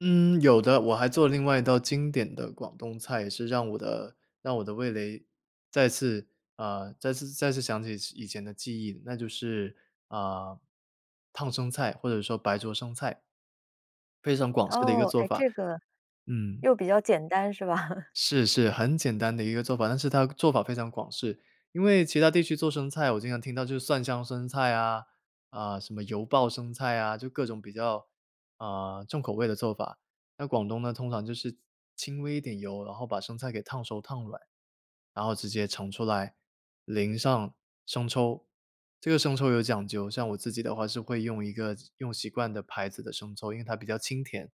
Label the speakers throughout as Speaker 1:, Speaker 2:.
Speaker 1: 嗯，有的，我还做了另外一道经典的广东菜，也是让我的让我的味蕾再次呃，再次再次想起以前的记忆，那就是，呃，烫生菜，或者说白灼生菜。非常广式的一个
Speaker 2: 哦，
Speaker 1: 做
Speaker 2: 哎，
Speaker 1: 法。
Speaker 2: 这个
Speaker 1: 嗯。
Speaker 2: 又比较简单，是吧？
Speaker 1: 是，是，很简单的一个做法，但是它做法非常广式，因为其它地区做生菜，我经常听到就是蒜香生菜啊，啊，什么油爆生菜啊，就各种比较，啊，重口味的做法。那广东呢，通常就是轻微一点油，然后把生菜给烫熟儿、烫软，然后直接盛出来，淋上生抽。这个生抽有讲究，像我自己的话是会用一个用习惯的牌子的生抽，因为它比较清甜，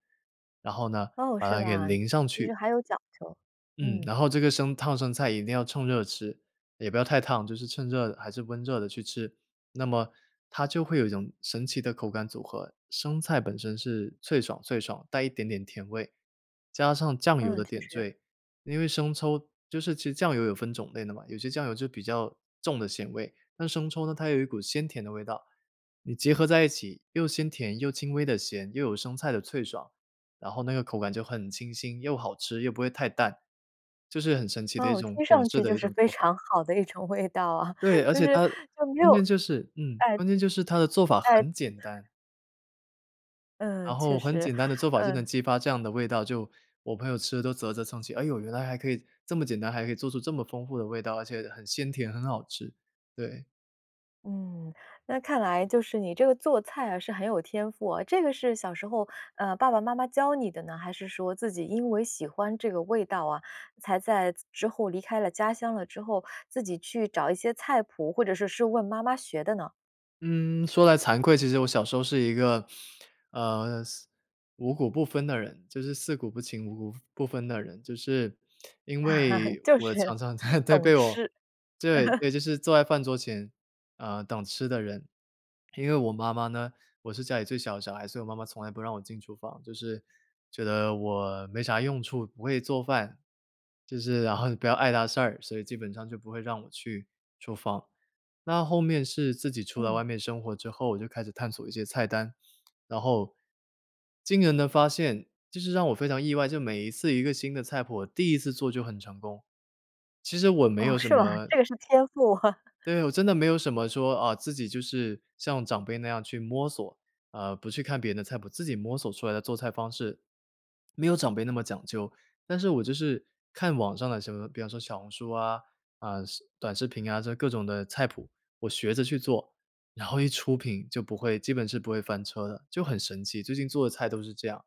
Speaker 1: 然后呢，
Speaker 2: 哦，
Speaker 1: 把
Speaker 2: 是
Speaker 1: 它给
Speaker 2: 吧，
Speaker 1: 淋上
Speaker 2: 就
Speaker 1: 去。
Speaker 2: 是还有讲究。
Speaker 1: 嗯，
Speaker 2: 嗯。
Speaker 1: 然后这个生烫生菜一定要趁热吃，也不要太烫，就是趁热还是温热的去吃，那么它就会有一种神奇的口感组合。生菜本身是脆爽脆爽，带一点点甜味，加上酱油
Speaker 2: 嗯，
Speaker 1: 的
Speaker 2: 确
Speaker 1: 点
Speaker 2: 实。
Speaker 1: 缀，因为生抽就是其酱油有分种类的嘛，有些酱油就比较重的咸味，那生抽呢，它有一股鲜甜的味道，你结合在一起，又鲜甜又轻微地咸，又有生菜的脆爽，然后那个口感就很清新，又好吃，又不会太淡，就是很神奇的一
Speaker 2: 哦，
Speaker 1: 种
Speaker 2: 听
Speaker 1: 广
Speaker 2: 上
Speaker 1: 式
Speaker 2: 去
Speaker 1: 的
Speaker 2: 就
Speaker 1: 一
Speaker 2: 是
Speaker 1: 种
Speaker 2: 非
Speaker 1: 做法。
Speaker 2: 常好的一种味道啊，
Speaker 1: 对，而
Speaker 2: 就
Speaker 1: 且
Speaker 2: 是
Speaker 1: 它
Speaker 2: 就没
Speaker 1: 关
Speaker 2: 有
Speaker 1: 键就是嗯，
Speaker 2: 哎。
Speaker 1: 关键就是它的做法
Speaker 2: 哎。
Speaker 1: 很简单。
Speaker 2: 嗯，
Speaker 1: 然
Speaker 2: 确
Speaker 1: 后很
Speaker 2: 实，
Speaker 1: 简单的做法就能
Speaker 2: 嗯。
Speaker 1: 激发这样的味道，就我朋友吃得都啧啧蹭起，哎呦，原来还可以这么简单，还可以做出这么丰富的味道，而且很鲜甜，很好吃。对。
Speaker 2: 嗯，那看来就是你这个做菜啊，是很有天赋，这个是小时候，呃，爸爸妈妈教你的呢，还是说自己因为喜欢这个味道啊，才在之后离开了家乡了之后，自己去找一些菜谱，或者是是问妈妈学的呢？
Speaker 1: 嗯，说来惭愧，其实我小时候是一个，呃，四五谷不分的人，就是四谷不清，五谷不分的人。就是因 为
Speaker 2: 就
Speaker 1: 我
Speaker 2: 是，
Speaker 1: 常常在在
Speaker 2: 懂
Speaker 1: 被我
Speaker 2: 吃。
Speaker 1: 对，对，就是坐在饭桌前，呃，等吃的人。因为我妈妈呢我是家里最小的小孩，所以我妈妈从来不让我进厨房，就是觉得我没啥用处，不会做饭，就是然后你不要碍她事儿，所以基本上就不会让我去厨房。那后面是自己出来
Speaker 2: 嗯。
Speaker 1: 外面生活之后，我就开始探索一些菜单，然后惊人的发现，就是让我非常意外，就是每一次一个新的菜谱，第一次做就很成功，其实我没有
Speaker 2: 哦，
Speaker 1: 什
Speaker 2: 是吗？
Speaker 1: 么
Speaker 2: 这个是天赋。
Speaker 1: 对，我真的没有什么说，哦，自己就是像长辈那样去摸索，呃，不去看别人的菜谱，自己摸索出来的做菜方式，没有长辈那么讲究。但是我就是看网上的什么比方说小红书啊，啊，视短视频啊，这各种的菜谱，我学着去做，然后一出品就不会基本是不会翻车的，就很神奇，最近做的菜都是这样。